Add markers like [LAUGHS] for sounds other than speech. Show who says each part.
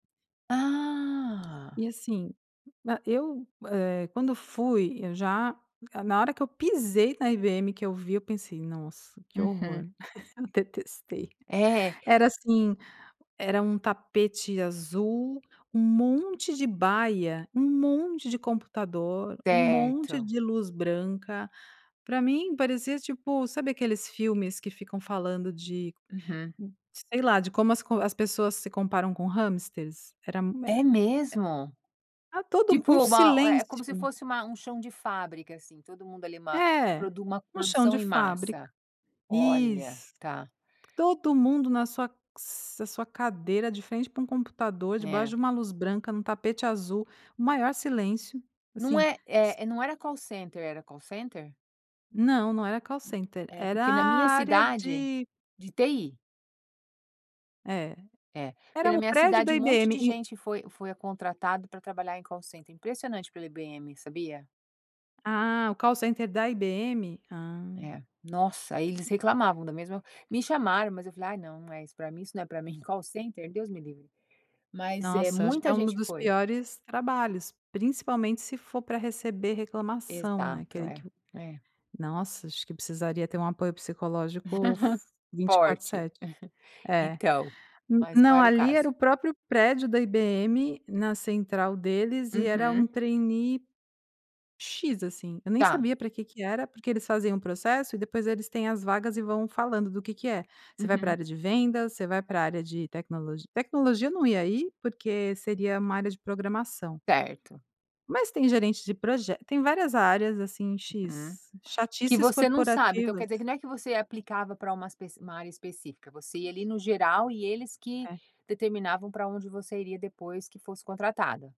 Speaker 1: Ah.
Speaker 2: E assim, eh eu eh quando fui eu já na hora que eu pisei na IBM que eu vi eu pensei nossa que
Speaker 1: Uhum.
Speaker 2: horror, [LAUGHS] eu detestei,
Speaker 1: É.
Speaker 2: era assim era um tapete azul, um monte de baia, um monte de computador, um monte
Speaker 1: Certo.
Speaker 2: de luz branca. Pra mim parecia tipo, sabe aqueles filmes que ficam falando de,
Speaker 1: Uhum.
Speaker 2: sei lá, de como as con as pessoas se comparam com hamsters? Era e e
Speaker 1: É mesmo?
Speaker 2: era todo
Speaker 1: Tipo
Speaker 2: um
Speaker 1: uma é como se
Speaker 2: silêncio.
Speaker 1: fosse uma um chão de fábrica assim todo mundo ali uma
Speaker 2: É,
Speaker 1: produ uma
Speaker 2: no chão
Speaker 1: produção
Speaker 2: de
Speaker 1: em
Speaker 2: fábrica.
Speaker 1: massa. Olha,
Speaker 2: Isso.
Speaker 1: tá.
Speaker 2: Todo mundo na sua na sua cadeira de frente para um computador debaixo
Speaker 1: É.
Speaker 2: de uma luz branca num tapete azul, o maior silêncio,
Speaker 1: Não
Speaker 2: assim
Speaker 1: é é não era Call Center era Call Center?
Speaker 2: Não, não era Call Center
Speaker 1: É
Speaker 2: era
Speaker 1: porque na minha
Speaker 2: a área
Speaker 1: cidade
Speaker 2: de
Speaker 1: de TI?
Speaker 2: É.
Speaker 1: É porque
Speaker 2: Era
Speaker 1: na
Speaker 2: o
Speaker 1: minha
Speaker 2: prédio
Speaker 1: cidade
Speaker 2: da
Speaker 1: um monte
Speaker 2: IBM,
Speaker 1: de
Speaker 2: e
Speaker 1: gente foi foi contratado pra trabalhar em Call Center impressionante pela IBM, sabia?
Speaker 2: Ah o Call Center da IBM, ah.
Speaker 1: É, nossa aí eles reclamavam da mesma me chamaram mas eu falei ai não não é isso pra mim isso não é pra mim Call Center? Deus me livre. Mas é
Speaker 2: Nossa acho que
Speaker 1: muita
Speaker 2: é um
Speaker 1: gente
Speaker 2: dos
Speaker 1: foi.
Speaker 2: piores trabalhos, principalmente se for para receber reclamação né,
Speaker 1: Exato.
Speaker 2: aquele que
Speaker 1: É, é.
Speaker 2: nossa acho que precisaria ter um apoio
Speaker 1: [LAUGHS]
Speaker 2: psicológico for vinte quatro
Speaker 1: Forte.
Speaker 2: sete,
Speaker 1: [CHUCKLES]
Speaker 2: é,
Speaker 1: Então, mas qual
Speaker 2: não
Speaker 1: era o
Speaker 2: ali
Speaker 1: caso?
Speaker 2: era o próprio prédio da IBM na central deles e era um
Speaker 1: Uhum.
Speaker 2: trainee x assim, eu nem
Speaker 1: Tá.
Speaker 2: sabia pra que que era porque eles faziam um processo e depois eles têm as vagas e vão falando do que que é, você vai pra
Speaker 1: Uhum.
Speaker 2: área de vendas, você vai pra área de tecnologia tecnologia não ia ir porque seria uma área de programação
Speaker 1: Certo.
Speaker 2: Mas tem gerente de proje tem várias áreas assim
Speaker 1: Hum,
Speaker 2: x
Speaker 1: que
Speaker 2: chatices
Speaker 1: você não sabe então quer
Speaker 2: corporativas.
Speaker 1: dizer que não é que você aplicava pra uma especi uma área específica você ia ali no geral e eles que
Speaker 2: É.
Speaker 1: determinavam pra onde você iria depois que fosse contratada.